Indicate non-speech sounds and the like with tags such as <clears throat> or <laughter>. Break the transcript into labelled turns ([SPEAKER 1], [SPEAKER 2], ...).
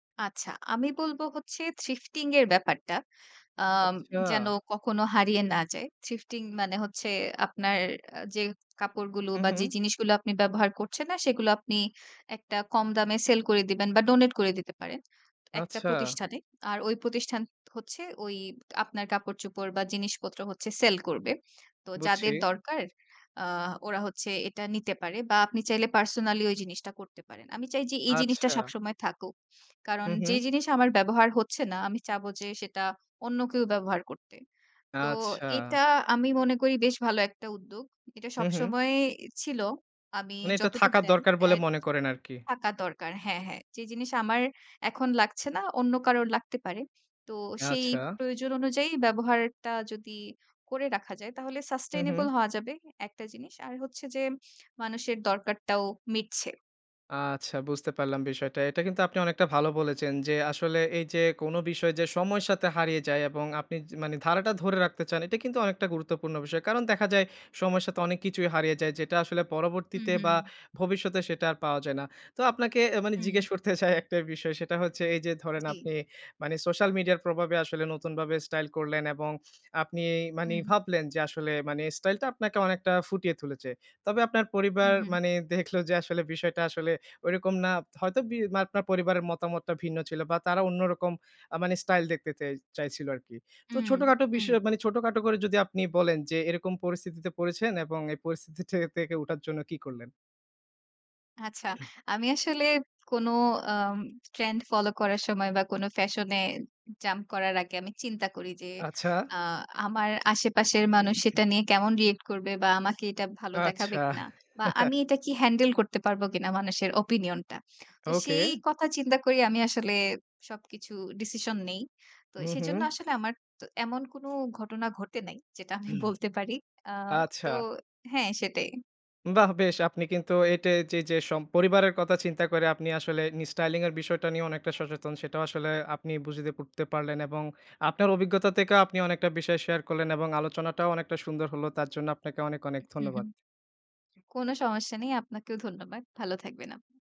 [SPEAKER 1] আচ্ছা, আমি বলব হচ্ছে থ্রিফটিং এর ব্যাপারটা। আম
[SPEAKER 2] আচ্ছা।
[SPEAKER 1] যেন কখনো হারিয়ে না যায়। থ্রিফটিং মানে হচ্ছে আপনার যে অ্যা কাপড়গুলো
[SPEAKER 2] হুম,
[SPEAKER 1] বা
[SPEAKER 2] হুম।
[SPEAKER 1] যে জিনিসগুলো আপনি ব্যবহার করছেন না সেগুলো আপনি একটা কম দামে সেল করে দিবেন বা ডোনেট করে দিতে পারেন, একটা
[SPEAKER 2] আচ্ছা।
[SPEAKER 1] প্রতিষ্ঠানে। আর ওই প্রতিষ্ঠান হচ্ছে ঐ আপনার কাপড়-চোপড় বা জিনিসপত্র হচ্ছে সেল করবে। তো
[SPEAKER 2] বুঝছি।
[SPEAKER 1] যাদের দরকার আ ওরা হচ্ছে এটা নিতে পারে, বা আপনি চাইলে পার্সোনালি ঐ জিনিসটা করতে পারেন। আমি চাই যে এই জিনিসটা
[SPEAKER 2] আচ্ছা।
[SPEAKER 1] সবসময় থাকুক। কারণ,
[SPEAKER 2] হুম,
[SPEAKER 1] যে
[SPEAKER 2] হুম।
[SPEAKER 1] জিনিস আমার ব্যবহার হচ্ছে না আমি চাব যে সেটা অন্য কেউ ব্যবহার করতে। তো
[SPEAKER 2] আচ্ছা।
[SPEAKER 1] এটা আমি মনে করি বেশ ভালো একটা উদ্যোগ। এটা
[SPEAKER 2] হুম, হুম।
[SPEAKER 1] সবসময় ছিল, আমি
[SPEAKER 2] মানে এটা
[SPEAKER 1] যতটুকু
[SPEAKER 2] থাকার
[SPEAKER 1] জানি
[SPEAKER 2] দরকার
[SPEAKER 1] অ্যা
[SPEAKER 2] বলে মনে করেন আরকি।
[SPEAKER 1] থাকা দরকার। হ্যাঁ, হ্যাঁ। যে জিনিস আমার এখন লাগছে না অন্য কারোর লাগতে পারে। তো সেই
[SPEAKER 2] আচ্ছা।
[SPEAKER 1] প্রয়োজন অনুযায়ী ব্যবহারটা যদি করে রাখা যায় তাহলে
[SPEAKER 2] হুম, হুম।
[SPEAKER 1] সাসটেইনেবল হওয়া যাবে একটা জিনিস। আর হচ্ছে যে মানুষের দরকারটাও মিটছে।
[SPEAKER 2] আচ্ছা, বুঝতে পারলাম বিষয়টা। এটা কিন্তু আপনি অনেকটা ভালো বলেছেন যে আসলে এই যে কোন বিষয় যে সময়ের সাথে হারিয়ে যায়। এবং আপনি যে মানে ধারাটা ধরে রাখতে চান এটা কিন্তু অনেকটা গুরুত্বপূর্ণ বিষয়। কারণ দেখা যায় সময়ের সাথে অনেক কিছুই হারিয়ে যায়। যেটা আসলে
[SPEAKER 1] হুম,
[SPEAKER 2] পরবর্তীতে বা
[SPEAKER 1] হুম।
[SPEAKER 2] ভবিষ্যতে সেটা আর পাওয়া যায় না। তো আপনাকে আ মানে
[SPEAKER 1] হুম।
[SPEAKER 2] জিজ্ঞেস করতে চাই একটা বিষয়, সেটা হচ্ছে এই যে ধরেন
[SPEAKER 1] জি।
[SPEAKER 2] আপনি মানে সোশ্যাল মিডিয়ার প্রভাবে আসলে নতুন ভাবে স্টাইল করলেন এবং আপনি মানি
[SPEAKER 1] হুম।
[SPEAKER 2] ভাবলেন যে আসলে মানে স্টাইলটা আপনাকে অনেকটা ফুটিয়ে তুলেছে। তবে আপনার পরিবার
[SPEAKER 1] উহুম।
[SPEAKER 2] মানে দেখলো যে আসলে বিষয়টা আসলে ঐরকম না। হয়তো বি আপনার পরিবারের মতামতটা ভিন্ন ছিল, বা তারা অন্যরকম আ মানে স্টাইল দেখতে চাই চাইছিল আরকি। তো
[SPEAKER 1] হুম,
[SPEAKER 2] ছোটখাটো
[SPEAKER 1] হুম।
[SPEAKER 2] বিষয় মানে ছোটখাটো করে যদি আপনি বলেন যে এরকম পরিস্থিতিতে পড়েছেন এবং এই পরিস্থিতি থেকে উঠার জন্য কী করলেন?
[SPEAKER 1] আচ্ছা, আমি আসলে কোন আম ট্রেন্ড ফলো করার সময় বা কোন ফ্যাশন এ জাম্প করার আগে, আমি চিন্তা করি যে
[SPEAKER 2] আচ্ছা।
[SPEAKER 1] আ আমার আশেপাশের মানুষ
[SPEAKER 2] <clears throat>
[SPEAKER 1] সেটা নিয়ে কেমন রিঅ্যাক্ট করবে। বা আমাকে এটা ভালো দেখাবে
[SPEAKER 2] আচ্ছা।
[SPEAKER 1] কিনা। বা
[SPEAKER 2] <chuckles>
[SPEAKER 1] আমি এটা কি হ্যান্ডেল করতে পারব কিনা মানুষের ওপিনিয়নটা। তো সেই
[SPEAKER 2] ওকে।
[SPEAKER 1] কথা চিন্তা করি আমি আসলে সবকিছু ডিসিশন নেই। তো
[SPEAKER 2] হুম, হুম।
[SPEAKER 1] সেজন্য আসলে আমার তো এমন কোন ঘটনা ঘটে নাই। যেটা আমি বলতে পারি। আ
[SPEAKER 2] <clears throat>
[SPEAKER 1] তো
[SPEAKER 2] আচ্ছা।
[SPEAKER 1] হ্যাঁ সেটাই।
[SPEAKER 2] বাহ! বেশ আপনি কিন্তু এটায় চে যে সম পরিবারের কথা চিন্তা করে আপনি আসলে নিজ স্টাইলিং এর বিষয়টা নিয়েও অনেকটা সচেতন। সেটাও আসলে আপনি বুঝেতে করতে পারলেন। এবং আপনার অভিজ্ঞতা থেকেও আপনি অনেকটা বিষয় শেয়ার করলেন এবং আলোচনাটাও অনেকটা সুন্দর হল। তার জন্য আপনাকে অনেক অনেক
[SPEAKER 1] উহ হুম,
[SPEAKER 2] ধন্যবাদ।
[SPEAKER 1] হুম। কোন সমস্যা নেই। আপনাকেও ধন্যবাদ। ভালো থাকবেন আপনি।